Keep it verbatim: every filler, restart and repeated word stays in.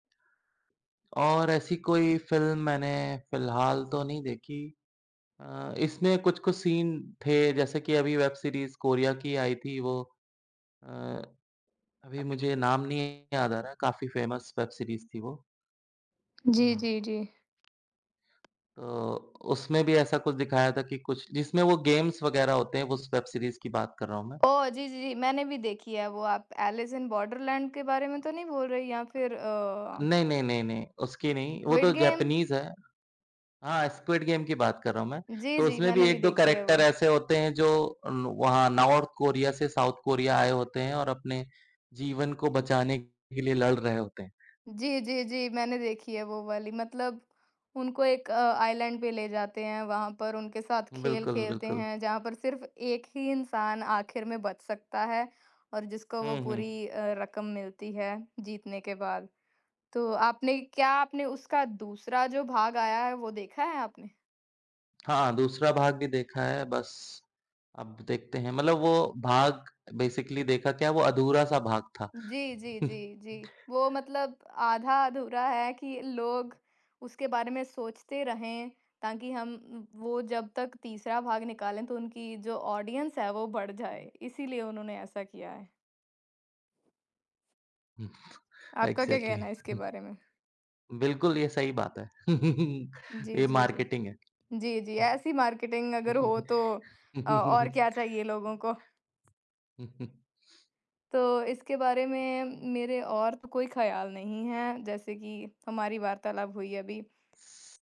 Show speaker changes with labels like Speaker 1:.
Speaker 1: और ऐसी कोई फिल्म मैंने फिलहाल तो नहीं देखी। अ, इसमें कुछ-कुछ सीन थे जैसे कि अभी वेब सीरीज़ कोरिया की आई थी वो अ, अभी मुझे नाम नहीं याद आ रहा है। काफ़ी फेमस वेब सीरीज़ थी वो।
Speaker 2: जी, जी,
Speaker 1: अह
Speaker 2: जी।
Speaker 1: तो, उसमें भी ऐसा कुछ दिखाया था कि कुछ जिसमें वो गेम्स वगैरह होते हैं, उस वेब सीरीज़ की बात कर रहा हूँ मैं।
Speaker 2: ओह! जी, जी, जी, मैंने भी देखी है वो आप ऐलिस इन बॉर्डरलैंड के बारे में तो नहीं बोल रहे हैं या फिर अ
Speaker 1: नहीं, नहीं, नहीं, नहीं, उसकी नहीं, वो तो
Speaker 2: स्क्विड गेम?
Speaker 1: जैपनीज़ है। हाँ, स्क्विड गेम की बात कर रहा हूँ मैं।
Speaker 2: जी,
Speaker 1: तो
Speaker 2: जी।
Speaker 1: उसमें
Speaker 2: मैंने
Speaker 1: भी
Speaker 2: भी
Speaker 1: एक दो
Speaker 2: देखी है
Speaker 1: करैक्टर
Speaker 2: वो।
Speaker 1: ऐसे होते हैं जो नु वहाँ नार्थ कोरिया से साउथ कोरिया आए होते हैं और अपने जीवन को बचाने के लिए लड़ रहे होते हैं।
Speaker 2: जी, जी, जी मैंने देखी है वो वाली मतलब उनको एक अ, आइलैंड पे ले जाते हैं, वहाँ पर उनके साथ खेल
Speaker 1: बिल्कुल,
Speaker 2: खेलते
Speaker 1: बिल्कुल।
Speaker 2: हैं, जहाँ पर सिर्फ एक ही इंसान आखिर में बच सकता है और जिसको वो
Speaker 1: हुँ, हुँ।
Speaker 2: पूरी अ, रकम मिलती है जीतने के बाद। तो आपने क्या आपने उसका दूसरा जो भाग आया है, वो देखा है आपने?
Speaker 1: हाँ, दूसरा भाग भी देखा है। बस अब देखते हैं मतलब वो भाग बेसिकली देखा क्या, वो अधूरा-सा भाग था।
Speaker 2: जी, जी, जी, जी, वो मतलब आधा-अधूरा है कि लोग उसके बारे में सोचते रहें ताकि हम उम, वो जब तक तीसरा भाग निकालें, तो उनकी जो ऑडियंस है वो बढ़ जाए। इसीलिए उन्होंने ऐसा किया है।
Speaker 1: उह
Speaker 2: आपका क्या
Speaker 1: इग्ज़ैक्टली
Speaker 2: कहना है इसके बारे में?
Speaker 1: बिल्कुल, ये सही बात है
Speaker 2: जी,
Speaker 1: ये
Speaker 2: जी, जी।
Speaker 1: मार्केटिंग है।
Speaker 2: जी, जी, ऐसी मार्केटिंग अगर हो तो
Speaker 1: हुँ।
Speaker 2: अ, और क्या चाहिए लोगों को? तो इसके बारे में मेरे और तो कोई ख्याल नहीं है, जैसे कि हमारी वार्तालाप हुई अभी।